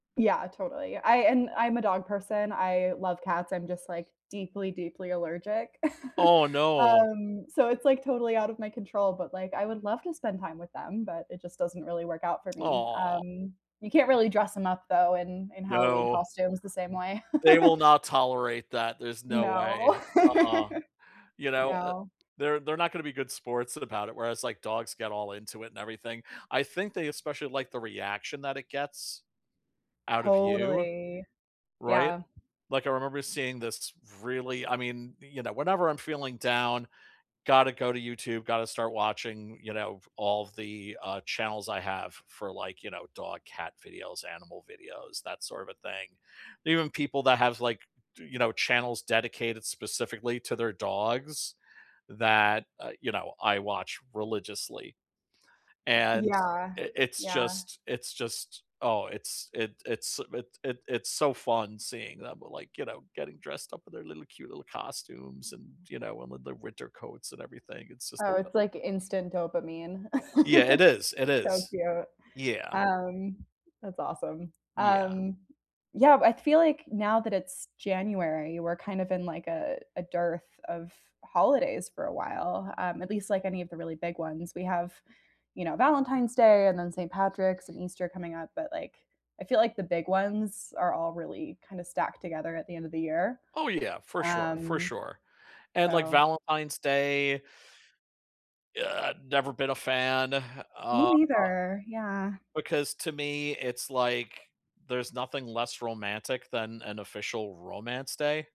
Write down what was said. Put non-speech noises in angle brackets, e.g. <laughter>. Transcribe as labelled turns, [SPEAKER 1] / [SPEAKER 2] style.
[SPEAKER 1] Yeah, totally, I and I'm a dog person, I love cats, I'm just, like, deeply, deeply allergic, <laughs>
[SPEAKER 2] Oh no.
[SPEAKER 1] um, so, it's, like, totally out of my control, but, like, I would love to spend time with them, but it just doesn't really work out for me,
[SPEAKER 2] Oh.
[SPEAKER 1] um, you can't really dress them up though in, in Halloween
[SPEAKER 2] No.
[SPEAKER 1] costumes the same way.
[SPEAKER 2] They will
[SPEAKER 1] <laughs>
[SPEAKER 2] not tolerate that, there's no way,
[SPEAKER 1] No,
[SPEAKER 2] uh,
[SPEAKER 1] <laughs>
[SPEAKER 2] you know, uh
[SPEAKER 1] no.
[SPEAKER 2] they're they're not gonna be good sports about it, whereas, like, dogs get all into it and everything, I think they especially like the reaction that it gets, out of you
[SPEAKER 1] Totally,
[SPEAKER 2] right?
[SPEAKER 1] yeah.
[SPEAKER 2] Like, I remember seeing this really I mean, y you know, whenever I'm feeling down, gotta go to YouTube, gotta start watching, you know, all the, uh, channels I have for, like, you know, dog, cat videos, animal videos, that sort of a thing, even people that have, like, d you know, channels dedicated specifically to their dogs that, uh, you know, I watch religiously.
[SPEAKER 1] Y
[SPEAKER 2] And
[SPEAKER 1] yeah,
[SPEAKER 2] it it's
[SPEAKER 1] yeah.
[SPEAKER 2] just, it's just oh, it's it it's it it it's so fun seeing them, like, you know, getting dressed up in their little cute little costumes and, you know, and with the winter coats and everything, it's just the
[SPEAKER 1] Oh,
[SPEAKER 2] be
[SPEAKER 1] it's, like, instant dopamine,
[SPEAKER 2] Yeah, it is,
[SPEAKER 1] <laughs>
[SPEAKER 2] it
[SPEAKER 1] so
[SPEAKER 2] is,
[SPEAKER 1] cute,
[SPEAKER 2] yeah.
[SPEAKER 1] um, that's awesome,
[SPEAKER 2] Yeah.
[SPEAKER 1] um, yeah, I feel like now that it's January, we're kind of in, like, a a dearth of holidays for a while, um, at least, like, any of the really big ones, we have, you know, Valentine's Day, and then Saint Patrick's and Easter coming up, but, like, I feel, like, the big ones are all really kinda stacked together at the end of the year,
[SPEAKER 2] Oh yeah, for sure, for
[SPEAKER 1] um,
[SPEAKER 2] sure, and, like,
[SPEAKER 1] so
[SPEAKER 2] Valentine's Day Ugh, I've never been a fan,
[SPEAKER 1] Me
[SPEAKER 2] uh,
[SPEAKER 1] neither, yeah.
[SPEAKER 2] because to me it's like there's nothing less romantic than an official romance day.